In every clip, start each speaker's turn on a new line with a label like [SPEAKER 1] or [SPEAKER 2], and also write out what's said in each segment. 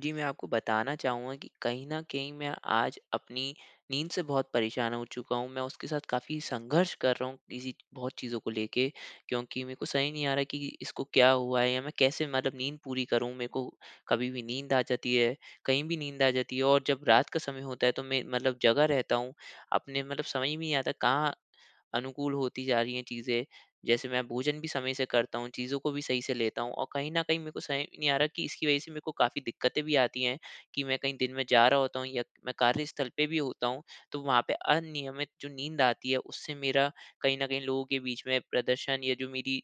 [SPEAKER 1] जी, मैं आपको बताना चाहूँगा कि कहीं न कहीं मैं आज अपनी नींद से बहुत परेशान हो चुका हूँ। मैं उसके साथ काफ़ी संघर्ष कर रहा हूँ किसी बहुत चीज़ों को लेके। क्योंकि मेरे को सही नहीं आ रहा कि इसको क्या हुआ है? या मैं कैसे मतलब नींद पूरी करूँ? मेरे को कभी भी नींद आ जाती है, कहीं भी नींद आ जाती है और जब रात का समय होता है तो मैं मतलब जगा रहता हूँ। अपने मतलब समझ में नहीं आता कहाँ अनुकूल होती जा रही हैं चीज़ें। जैसे मैं भोजन भी समय से करता हूँ, चीज़ों को भी सही से लेता हूँ। और कहीं न कहीं मेरे को समझ नहीं आ रहा कि इसकी वजह से मेरे को काफ़ी दिक्कतें भी आती हैं कि मैं कहीं दिन में जा रहा होता हूँ या मैं कार्यस्थल पे भी होता हूँ। तो वहाँ पे अनियमित जो नींद आती है उससे मेरा कहीं न कहीं लोगों के बीच में प्रदर्शन या जो मेरी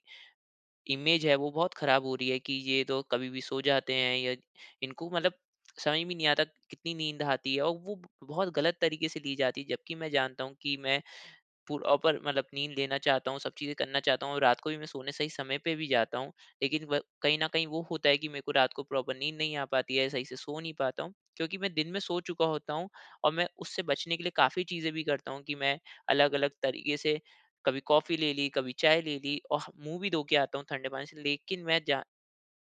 [SPEAKER 1] इमेज़ है वो बहुत खराब हो रही है कि ये तो कभी भी सो जाते हैं या इनको मतलब समझ में नहीं आता कितनी नींद आती हैं? और वो बहुत गलत तरीके से ली जाती है जबकि मैं जानता हूँ कि मैं, प्रॉपर मतलब नींद लेना चाहता हूँ सब चीज़ें करना चाहता हूँ। रात को भी मैं सोने सही समय पे भी जाता हूँ लेकिन व कहीं न कहीं वो होता है कि मेरे को रात को प्रॉपर नींद नहीं आ पाती है सही से सो नहीं पाता हूँ। क्योंकि मैं दिन में सो चुका होता हूँ और मैं उससे बचने के लिए काफ़ी चीज़ें भी करता हूँ कि मैं अलग-अलग तरीके से कभी कॉफ़ी ले ली, कभी चाय ले ली और मुँह भी धो के आता हूँ ठंडे पानी से। लेकिन मैं जा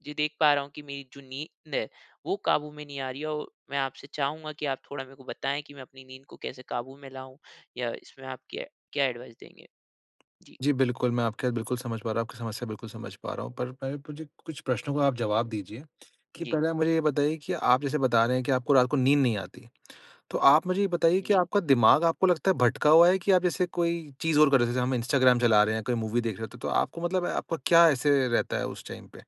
[SPEAKER 1] जी देख पा रहा हूँ कि मेरी जो नींद है वो काबू में नहीं आ रही है और मैं आपसे चाहूँगा कि आप थोड़ा मेरे को बताएँ कि मैं अपनी नींद को कैसे काबू में लाऊँ या इसमें आप क्य क्या एडवाइज़ देंगे? जी।
[SPEAKER 2] जी, बिल्कुल मैं आपके बात बिल्कुल समझ पा रहा हूँ। आपकी समस्या बिल्कुल समझ पा रहा हूँ। पर पहले मुझे कुछ प्रश्नों का आप जवाब दीजिए कि
[SPEAKER 1] जी।
[SPEAKER 2] पहले आप मुझे ये बताइए कि आप जैसे बता रहे हैं कि आपको रात को नींद नहीं आती। तो आप मुझे ये बताइए कि
[SPEAKER 1] जी।
[SPEAKER 2] आपका दिमाग आपको लगता है भटका हुआ है कि आप जैसे कोई चीज़ और कर रहे हैं? जैसे हम इंस्टाग्राम चला रहे हैं, कोई मूवी देख रहें हैं, त तो आपको मतलब आपका क्या ऐसे रहता है उस टाइम पे?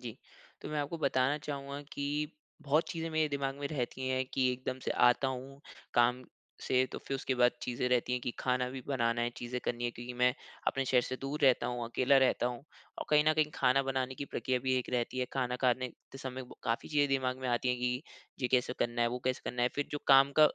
[SPEAKER 1] जी, तो मैं आपको बताना चाहूँगा कि बहुत चीज़ें मेरे दिमाग़ में रहती हैं कि एकदम से आता हूँ काम से, तो फिर उसके बाद चीज़ें रहती हैं कि खाना भी बनाना है, चीज़ें करनी हैं, क्योंकि मैं अपने शहर से दूर रहता हूँ, अकेला रहता हूँ। और कहीं न कहीं खाना बनाने की प्रक्रिया भी एक रहती है, खाना खाने ते समय काफ़ी चीज़े दिमाग़ में आती हैं कि ये कैसे करना है, वो कैसे करना है। फिर जो काम का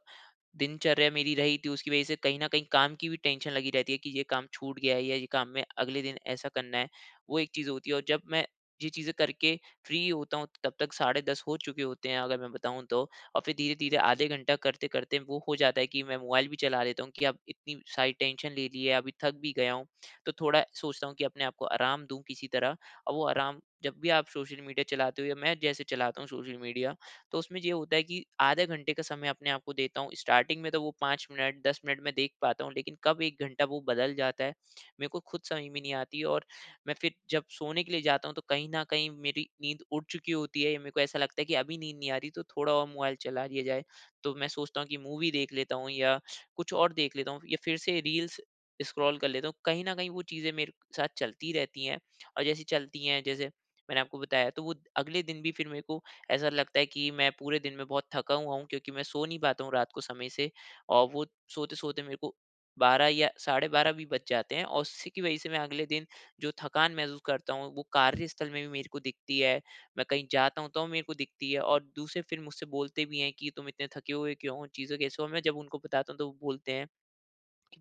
[SPEAKER 1] दिनचर्या मेरी रही थी, उसकी वजह से कहीं न कहीं काम की भी टेंशन लगी रहती है कि ये काम छूट गया है या ये काम में अगले दिन ऐसा करना है। वो एक चीज़ होती है, और जब मैं ये चीज़ें कर के फ्री होता हूँ, तब तक साढ़े 10 हो चुके होते हैं अगर मैं बताऊँ तो। और फिर धीरे-धीरे आधे घंटा करते-करते वो हो जाता है कि मैं मोबाइल भी चला लेता हूँ कि अब इतनी सारी टेंशन ले ली है, अभी थक भी गया हूँ, तो थोड़ा सोचता हूँ कि अपने आप को आराम दूँ किसी तरह। और वो आराम जब भी आप सोशल मीडिया चलाते हो या मैं जैसे चलाता हूँ सोशल मीडिया, तो उसमें ये होता है कि आधे घंटे का समय अपने आपको देता हूँ। स्टार्टिंग में तो वो 5 मिनट, 10 मिनट मैं देख पाता हूँ, लेकिन कब 1 घंटा वो बदल जाता है, मेरे को खुद समझ में नहीं आती। और मैं फिर जब सोने के लिए जाता हूँ, तो कहीं न कहीं मेरी नींद उड़ चुकी होती है, या मेरे को ऐसा लगता है कि अभी नींद नहीं आ रही, तो थोड़ा और मोबाइल चला लिया जाए। तो मैं सोचता हूँ कि मूवी देख लेता हूँ या कुछ और देख लेता हूँ, या फिर से रील्स स्क्रॉल कर लेता हूँ। कहीं न कहीं वो चीज़ें मेरे साथ चलती रहती हैं, और जैसे चलती है जैसे मैंने आपको बताया, तो वो अगले दिन भी फिर मेरे को ऐसा लगता है कि मैं पूरे दिन में बहुत थका हुआ हूँ क्योंकि मैं सो नहीं पाता हूँ रात को समय से, और वो सोते-सोते मेरे को 12 या साढ़े 12 भी बज जाते हैं। और उसी की वजह से मैं अगले दिन जो थकान महसूस करता हूँ, वो कार्यस्थल में भी मेरे को दिखती है, मैं कहीं जाता हूँ तो मेरे को दिखती है। और दूसरे फिर मुझसे बोलते भी हैं कि, "तुम इतने थके हुए क्यों हो, चीज़ों कैसे हो?" मैं जब उनको बताता हूँ, तो वो बोलते हैं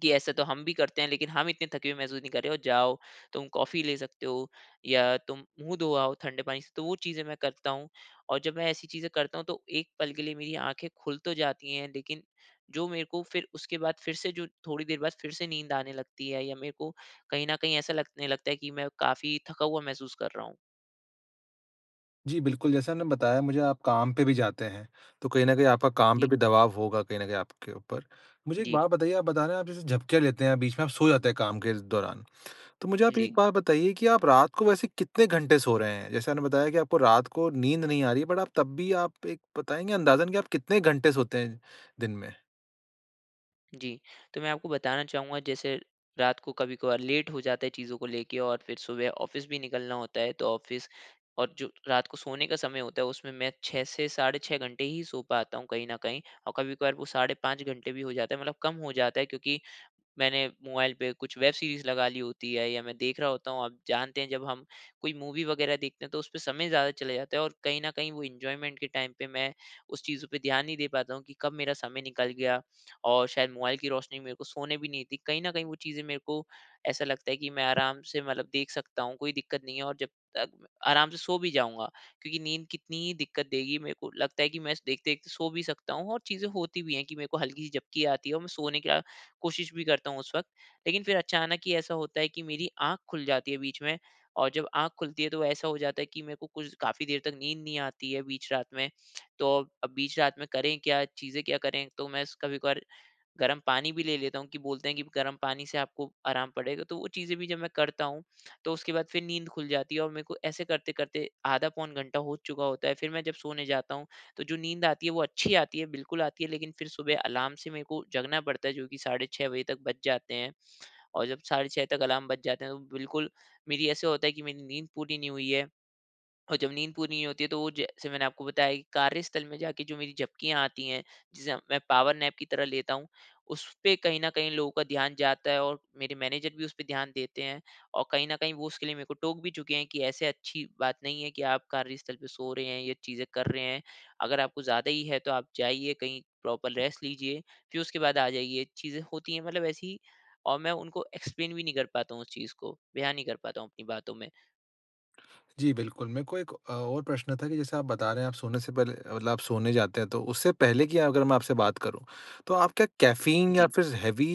[SPEAKER 1] कि, "ऐसा तो हम भी करते हैं, लेकिन हम इतने थके हुए महसूस नहीं कर रहें। ओ जाओ तुम कॉफ़ी ले सकते हो या तुम मुँह धो आओ ठंडे पानी से।" तो वो चीज़ें मैं करता हूँ, और जब मैं ऐसी चीज़ें करता हूँ तो एक पल के लिए मेरी आँखें खुल तो जाती है, लेकिन जो मेरे को फिर उसके बाद फिर से जो थोड़ी देर बाद फिर से नींद आने लगती है, या मेरे को कहीं न कहीं ऐसा लगने लगता है की मैं काफ़ी थका हुआ महसूस कर रहा हूँ।
[SPEAKER 2] जी बिल्कुल। जैसा आपने बताया मुझे आप काम पे भी जाते हैं। तो कहीं न कहीं आपका काम पे
[SPEAKER 1] जी।
[SPEAKER 2] भी दबाव होगा कहीं न कहीं आपके ऊपर। मुझे एक
[SPEAKER 1] जी।
[SPEAKER 2] बात बताइए आप बता रहे हैं आप जैसे झपकियाँ लेते हैं बीच में आप सो जाते हैं काम के दौरान। तो मुझे आप एक
[SPEAKER 1] जी।
[SPEAKER 2] बात बताइए कि आप रात को वैसे कितने घंटे सो रहे हैं? जैसे आपने बताया कि आपको रात को नींद नहीं आ रही है बट आप तब भी आप एक बताएँगे अंदाज़न कि आप कितने घंटे सोते हैं दिन में?
[SPEAKER 1] जी। तो मैं आपको बताना चाहूँगा जैसे रात को कभी-कभार लेट हो जाता है चीज़ों को लेके और फिर सुबह ऑफिस भी निकलना होता है। तो ऑफिस और जो रात को सोने का समय होता है उसमें मैं 6 से साढ़े 6 घंटे ही सो पाता हूँ कहीं न कहीं। और कभी-कभार वो साढ़े 5 घंटे भी हो जाता है, मतलब कम हो जाता है। क्योंकि मैंने मोबाइल पे कुछ वेब सीरीज़ लगा ली होती है या मैं देख रहा होता हूँ। आप जानते हैं जब हम कोई मूवी वगैरह देखते हैं तो उस पे समय ज़्यादा चले जाता है और कहीं न कहीं वो एन्जॉयमेंट के टाइम पे मैं उस चीज़ों पे ध्यान नहीं दे पाता हूँ कि कब मेरा समय निकल गया। और शायद मोबाइल की रोशनी मेरे को सोने भी नहीं देती। कहीं न कहीं वो चीज़ें मेरे को ऐसा लगता है कि मैं आराम से मतलब देख सकता हूँ कोई दिक्कत नहीं है और जब तक आराम से सो भी जाऊँगा। क्योंकि नींद कितनी ही दिक्कत देगी मेरे को लगता है कि मैं स देखते सो भी सकता हूँ। और चीज़ें होती भी हैं कि मेरे को हल्की सी झपकी आती है और मैं सोने का अ, कोशिश भी करता हूँ उस वक़्त। लेकिन फिर अचानक ही ऐसा होता है कि मेरी आँख खुल जाती है बीच में और जब आँख खुलती है तो ऐसा हो जाता है कि मेरे को कुछ काफ़ी देर तक नींद नहीं आती है बीच रात में। तो अब बीच रात में करें क्या, चीज़ें क्या करें, तो मैं स कभी-कभार गरम पानी भी ले लेता हूँ कि बोलते हैं कि गरम पानी से आपको आराम पड़ेगा तो वो चीजें भी जब मैं करता हूँ तो उसके बाद फिर नींद खुल जाती है। और मेरे को ऐसे करते करते आधा पौन घंटा हो चुका होता है। फिर मैं जब सोने जाता हूँ तो जो नींद आती है वो अच्छी आती है बिल्कुल आती है लेकिन फिर सुबह अलार्म से मेरे को जगना पड़ता है जो कि साढ़े 6 बजे तक बज जाते हैं। और जब साढ़े 6 तक अलार्म बज जाते हैं तो बिल्कुल मेरी ऐसा होता है कि मेरी नींद पूरी नहीं हुई है। और जब नींद पूरी नहीं होती है तो वो जैसे मैंने आपको बताया की कार्यस्थल में जाके जो मेरी झपकियाँ आती हैं जिसे मैं पावरनैप की तरह लेता हूँ उसपे कहीं न कहीं लोगों का ध्यान जाता है और मेरे मैनेजर भी उसपे ध्यान देते हैं। और कहीं न कहीं वो उसके लिए मेरे को टोक भी चुके है कि "ऐसे अच्छी बात नहीं है की आप कार्यस्थल पर सो रहे हैं, ये चीज़ें कर रहे हैं। अगर आपको ज़्यादा ही है तो आप जाइए कहीं प्रॉपर रेस्ट लीजिए, फिर उसके बाद आ जाइए।" चीज़ें होती है मतलब ऐसी और मैं उनको एक्सप्लेन भी नहीं कर पाता हूँ उस चीज़ को, बयान नहीं कर पाता हूँ अपनी बातों में।
[SPEAKER 2] जी बिल्कुल। मेरे को 1 अ, और प्रश्न था कि जैसे आप बता रहे हैं आप सोने से पहले अ, मतलब आप सोने जाते हैं तो उससे पहले की अगर मैं आपसे बात करूँ, तो आप क्या कैफ़ीन या
[SPEAKER 1] जी।
[SPEAKER 2] फ़िर हेवी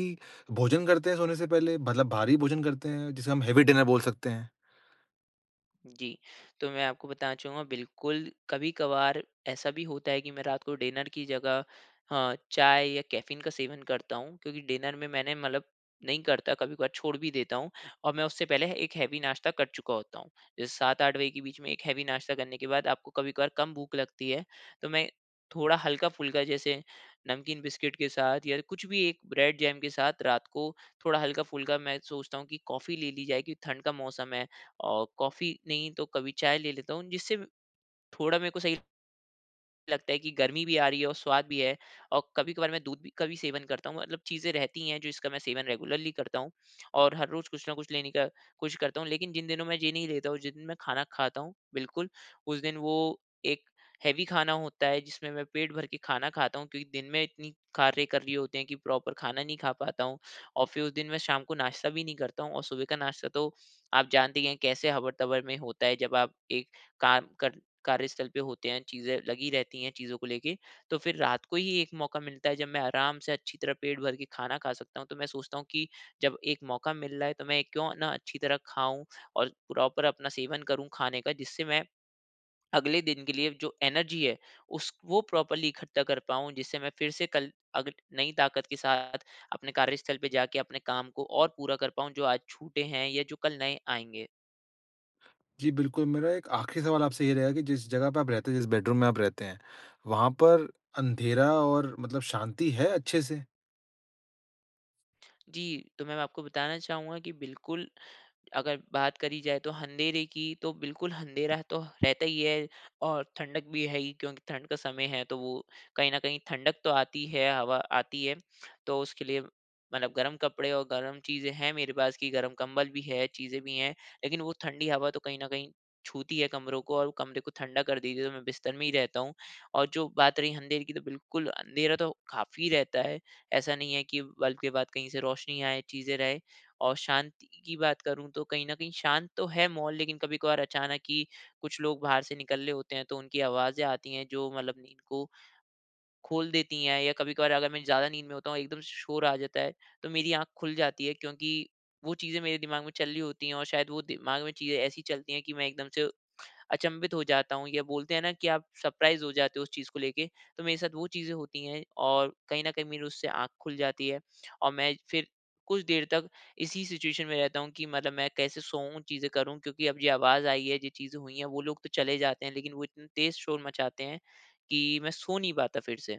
[SPEAKER 2] भोजन करते हैं सोने से पहले? मतलब भारी भोजन करते हैं, जिसे हम हेवी डिनर बोल सकते हैं?
[SPEAKER 1] जी, तो मैं आपको बताना चाहूँगा बिल्कुल कभी-कभार ऐसा भी होता है कि मैं रात को डिनर की जगह हाँ चाय या कैफ़ीन का सेवन करता हूँ। क्योंकि डिनर में मैंने मतलब नहीं करता कभी-कभार छोड़ भी देता हूँ। और मैं उससे पहले 1 हेवी नाश्ता कर चुका होता हूँ। जैसे 7-8 बजे के बीच में एक हेवी नाश्ता करने के बाद आपको कभी-कभार कम भूख लगती है तो मैं थोड़ा हल्का-फुल्का जैसे नमकीन बिस्किट के साथ या कुछ भी एक ब्रेड-जेम के साथ रात को थोड़ा हल्का-फुल्का मैं सोचता हूँ कि कॉफी ले ली जाए क्योंकि ठंड का मौसम है। और कॉफी नहीं तो कभी चाय ले लेता हूँ जिससे थोड़ा मेरे को सही लगता है कि गर्मी भी आ रही है और स्वाद भी है और कभी-कभार मैं दूध भी का भी सेवन करता हूँ। मतलब चीज़े रहती हैं जो इसका मैं सेवन रेगुलरली करता हूँ। और हर रोज़ कुछ न कुछ लेने का कोशिश करता हूँ लेकिन जिन दिनों में ये नहीं लेता हूँ जिस दिन मैं खाना खाता हूँ बिल्कुल, उस दिन वो एक हेवी खाना होता है जिसमें मैं पेट भर के खाना खाता हूँ। क्योंकि दिन में इतनी कार्य कर रही होते हैं कि प्रॉपर खाना नहीं खा पाता हूँ और फ़िर, उस दिन मैं शाम को नाश्ता भी नहीं करता हूँ और सुबह का नाश्ता तो आप जानते ही हैं कैसे हबर-तबर में होता है जब आप एक काम कर कार्यस्थल पर होते हैं चीज़ें लगी रहती हैं चीज़ों को लेके। तो फ़िर रात को ही 1 मौका मिलता है जब मैं आराम से अच्छी तरह पेट भर के खाना खा सकता हूँ। तो मैं सोचता हूँ कि जब 1 मौका मिल रहा है तो मैं क्यों ना अच्छी तरह खाऊँ और प्रॉपर अपना सेवन करूँ खाने का। जिससे मैं अगले दिन के लिए जो एनर्जी है उस वो प्रोपर्ली इकट्ठा कर पाऊँ। जिससे मैं फ़िर से कल अग नई ताकत के साथ अपने कार्यस्थल पर जाके अपने काम को और पूरा कर पाऊँ जो आज छूटे हैं या जो कल नए आएँगे।
[SPEAKER 2] जी, बिल्कुल, मेरा एक आखिरी सवाल आपसे ये रहेगा कि जिस जगह पे आप रहते हैं, जिस बेडरूम में आप रहते हैं, वहाँ पर अंधेरा और मतलब शांति है अच्छे से?
[SPEAKER 1] जी, तो मैं मैं अब आपको बताना चाहूँगा कि बिल्कुल, अगर बात करी जाए तो अँधेरे की तो बिल्कुल अँधेरा तो रहता ही है और ठंडक भी है ही क्योंकि ठंड का समय है तो वो कहीं न कहीं ठंडक तो आती है, हवा आती है, तो उसके लिए मतलब गरम कपड़े और गरम चीज़ें हैं मेरे पास कि गरम कंबल भी है चीज़ें भी हैं लेकिन वो ठंडी हवा तो कहीं न कहीं छूती है कमरों को और कमरे को ठंडा कर देगी तो मैं बिस्तर में ही रहता हूँ। और जो बात रही अँधेरे की तो बिल्कुल अँधेरा तो काफ़ी रहता है। ऐसा नहीं है कि बल्ब के बाद कहीं से रोशनी आए चीज़ें रहे। और शांति की बात करूँ तो कहीं न कहीं शांत तो है माहौल लेकिन कभी-कभार अचानक ही कुछ लोग बाहर से निकल ले होते हैं तो उनकी आवाज़ें आती हैं जो मतलब नींद को, खोल देती हैं। या कभी-कभार अगर मैं ज़्यादा नींद में होता हूँ एकदम श शोर आ जाता है, तो मेरी आँख खुल जाती है क्योंकि वो चीज़ें मेरे दिमाग में चल रही होती हैं और शायद वो दिमाग में चीज़ें ऐसी चलती हैं कि मैं एकदम से, अचंभित हो जाता हूँ या बोलते है ना कि आप सरप्राइज़ हो जाते हो उस चीज़ को लेके। तो मेरे साथ वो चीज़ें होती हैं और कहीं न कहीं मेरी उससे आँख खुल जाती है और मैं फिर कुछ देर तक इसी सिचुएशन में रहता हूँ कि मतलब मैं कैसे सोऊँ चीज़ें करूँ क्योंकि अब ये आवाज़ आई है जो चीज़ें हुई हैं, वो लोग तो चले जाते हैं लेकिन वो इतना तेज शोर मचाते हैं, कि मैं सो नहीं पाता फिर से।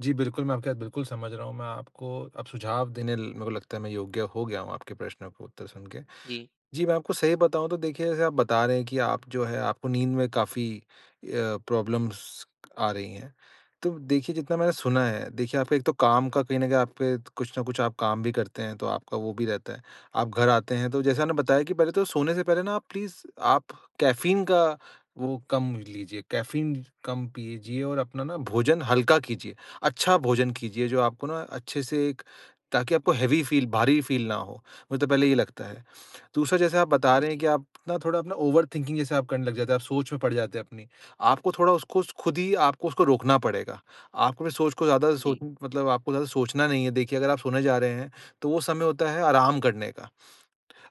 [SPEAKER 2] जी बिल्कुल मैं आपकी बात बिल्कुल समझ रहा हूँ। मैं आपको अब सुझाव देने ल मेरे को लगता है मैं योग्य हो गया हूँ आपके प्रश्नों के उत्तर सुन के।
[SPEAKER 1] जी।
[SPEAKER 2] जी मैं आपको सही बताऊँ तो देखिए जैसे आप बता रहे हैं कि आप जो है आपको नींद में काफ़ी अ, प्रॉब्लम्स आ रही हैं। तो देखिए जितना मैंने सुना है देखिए आप एक तो काम का कहीं न कहीं आप पे कुछ न कुछ आप काम भी करते हैं तो आपका वो भी रहता है। आप घर आते हैं तो जैसा आपने बताया कि पहले तो सोने से पहले ना आप प्लीज़ आप कैफ़ीन का वो कम लीजिए कैफ़ीन कम पीजिए और अपना ना भोजन हल्का कीजिए। अच्छा भोजन कीजिए जो आपको ना अच्छे से एक ताकि आपको हेवी फ़ील भारी फ़ील ना हो, मुझे तो पहले ये लगता है। दूसरा जैसे आप बता रहे
[SPEAKER 1] हुँ।
[SPEAKER 2] हैं कि आप ना थोड़ा अपना ओवर थिंकिंग जैसा आप करने लग जाते हैं, आप सोच में पड़ जाते हैं अपनी। आपको थोड़ा उसको स ख़ुद ही आपको उसको रोकना पड़ेगा। आपको ना सोच को ज़्यादा सोच
[SPEAKER 1] जी।
[SPEAKER 2] मतलब आपको ज़्यादा सोचना नहीं है। देखिए अगर आप सोने जा रहे हैं तो वो समय होता है आराम करने का।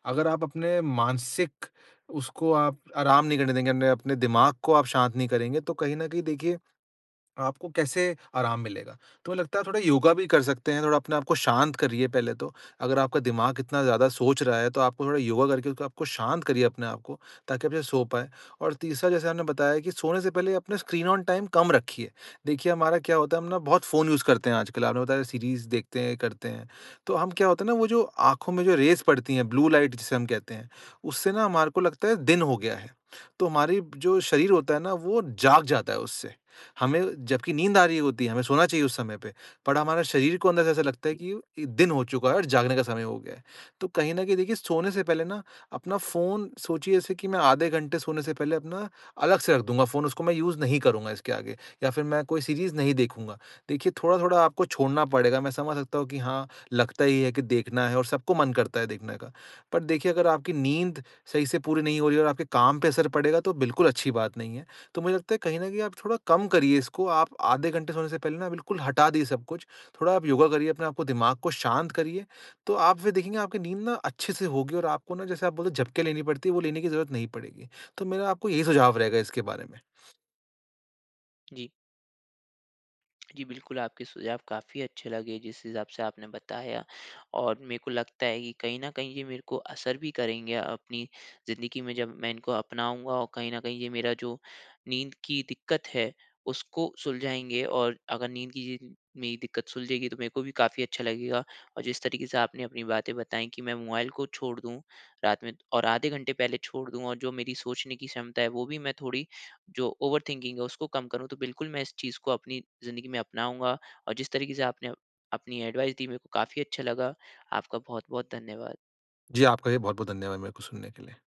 [SPEAKER 2] अगर आप अपने मानसिक उसको आप आराम नहीं करने देंगे अ, ने अपने दिमाग को आप शांत नहीं करेंगे तो कहीं न कहीं देखिए आपको कैसे आराम मिलेगा। तुम्हें लगता है थोड़ा योगा भी कर सकते हैं थोड़ा अपने आप को शांत करिए पहले तो। अगर आपका दिमाग इतना ज़्यादा सोच रहा है तो आपको थोड़ा योगा करके आपको शांत करिए अपने आपको ताकि आप सो पाए। और तीसरा जैसा हमने बताया कि सोने से पहले अपने स्क्रीन ऑन टाइम कम रखिए। देखिए हमारा क्या होता है हम ना बहुत फ़ोन यूज़ करते हैं आजकल आपने बताया सीरीज़ देखते हैं करते हैं। तो हम क्या होता है ना वो जो आँखों में जो रेज़ पड़ती हैं, ब्लू लाइट जिसे हम कहते हैं उससे ना हमारे को लगता है दिन हो गया है। तो हमारी जो शरीर होता है ना वो जाग जाता है उससे। हमें जबकि नींद आ रही होती है हमें सोना चाहिए उस समय पे बट हमारे शरीर को अंदर से ऐसा लगता है कि इ दिन हो चूका है और जागने का समय हो गया है। तो कहीं न कहीं देखिए सोने से पहले ना अपना फ़ोन सोचिए जैसे कि मैं आधे घंटे सोने से पहले अपना अलग से रख दूँगा फ़ोन, उसको मैं यूज़ नहीं करूँगा इसके आगे या फ़िर मैं कोई सीरीज़ नहीं देखूँगा। देखिए थोड़ा-थोड़ा आपको छोड़ना पड़ेगा मैं समझ सकता हूँ कि हाँ, लगता ही है कि देखना है और सबको मन करता है देखने का। पर देखिए अगर आपकी नींद सही से पूरी नहीं हो रही है और आपके काम पे असर पड़ेगा तो बिल्कुल अच्छी बात नहीं है। तो मुझे लगता है कहीं न कहीं आप थोड़ा कम करिए इसको आप आधे घंटे सोने से पहले ना बिल्कुल हटा दें सब कुछ। थोड़ा आप योगा करिए अपने आपको दिमाग को शांत करिए, तो आप फ़िर देखेंगे आपकी नींद ना अच्छे से होगी और आपको ना जैसे आप बोलते हो झपकि लेनी पड़ती है वो लेने की जरूरत नहीं पड़ेगी। तो मेरा आपको यही सुझाव रहेगा इसके बारे में।
[SPEAKER 1] जी। जी बिल्कुल आपके सुझाव काफ़ी अच्छे लगे जिस हिसाब से आपने बताया। और मेरे को लगता है कि कहीं न कहीं ये मेरे को असर भी करेंगे अपनी ज़िंदगी में जब मैं इनको अपनाऊँगा और कहीं न कहीं ये मेरा जो नींद की दिक़्क़त है उसको सुलझाएँगे और अगर नींद की ये जो मेरी दिक़्क़त सुलझेगी तो मेरे को भी काफ़ी अच्छा लगेगा। और जिस तरीके से आपने अपनी बातें बताई कि मैं मोबाइल को छोड़ दूँ, रात में और आधे घंटे पहले छोड़ दूँ और जो मेरी सोचने की क्षमता है वो भी मैं थोड़ी जो ओवर थिंकिंग है उसको कम करूँ तो बिल्कुल मैं इस चीज़ को अपनी ज़िंदगी में अपनाऊँगा और जिस तरीके से आपने अपनी एडवाइस दी मेरे को काफ़ी अच्छा लगा। आपका बहुत-बहुत धन्यवाद।
[SPEAKER 2] जी आपका भी बहुत-बहुत धन्यवाद मेरे को सुनने के लिए।